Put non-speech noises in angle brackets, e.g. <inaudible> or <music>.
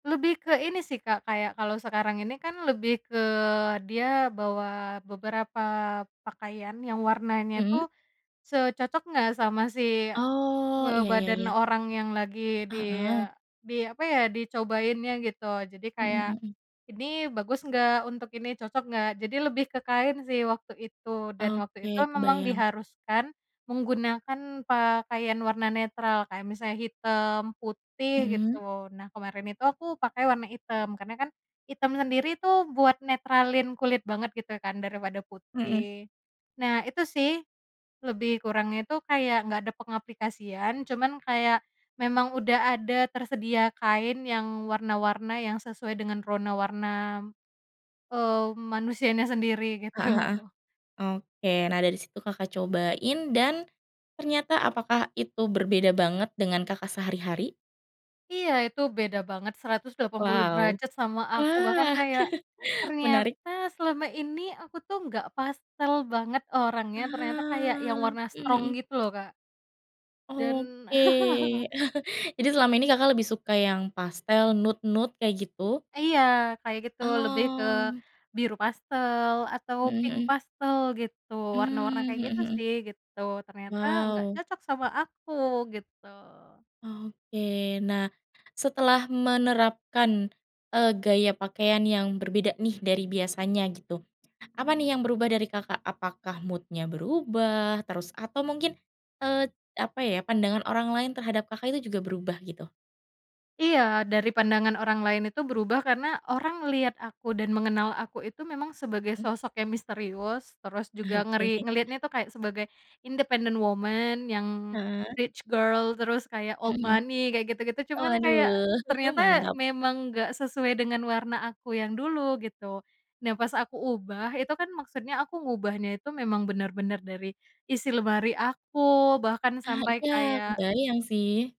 Lebih ke ini sih Kak, kayak kalau sekarang ini kan lebih ke dia bawa beberapa pakaian yang warnanya Mhm. tuh, se cocok nggak sama si Oh, iya, ya ngebadan ya. orang yang lagi Heeh. dia di apa ya dicobainnya gitu. Jadi Mhm kayak, mhm. "Ini bagus gak untuk ini, cocok nggak?" Jadi lebih ke kain sih waktu itu. Dan waktu itu Oke, memang kebayang. diharuskan menggunakan pakaian warna netral, kayak misalnya hitam, putih Mhm? gitu. Nah kemarin itu aku pakai warna hitam, karena kan hitam sendiri tuh buat netralin kulit banget gitu kan daripada Heeh. putih, nah itu sih, lebih kurangnya itu kayak nggak ada pengaplikasian, cuman kayak, memang udah ada tersedia kain yang warna-warna yang sesuai dengan rona warna, eee, manusianya sendiri Heeh gitu. heeh, oke nah dari situ Kakak cobain dan ternyata apakah itu berbeda banget dengan Kakak sehari-hari? Iya itu beda banget 180 Wow. derajat sama aku, bahkan Wah, kayak <chuckles> menarik. ternyata selama ini aku tuh nggak pastel banget Ah. orangnya, ternyata kayak yang warna Mmm, strong mhm. gitu loh Kak. Dan Oke. <laughs> <chuckles> Jadi selama ini Kakak lebih suka yang pastel, nude-nude kayak gitu? Iya, kayak gitu. Lebih ke Oh. biru pastel atau Mhm pink mhm. pastel gitu, warna-warna Mmm, kayak mhm gitu mhm. sih gitu. Ternyata nggak Wow. cocok sama aku gitu. Oke, nah setelah menerapkan, e gaya pakaian yang berbeda nih dari biasanya gitu, apa nih yang berubah dari Kakak? Apakah mood-nya berubah, terus atau mungkin, e apa ya, pandangan orang lain terhadap Kakak itu juga berubah gitu? Iya, dari pandangan orang lain itu berubah karena orang ngelihat aku, dan mengenal aku itu memang sebagai Hmm. sosok yang misterius, terus juga Oke. ngeri ngelihatnya itu kayak sebagai independent woman, yang Heeh. rich girl, terus kayak Mhm old mhm. money kayak gitu-gitu, Oh cuman kayak waduh <chuckles> ternyata mantap. memang nggak sesuai dengan warna aku yang dulu gitu. Nah pas aku ubah itu kan maksudnya aku ngubahnya itu memang bener-bener dari isi lemari aku bahkan Ah sampai iya kayak kebayang sih.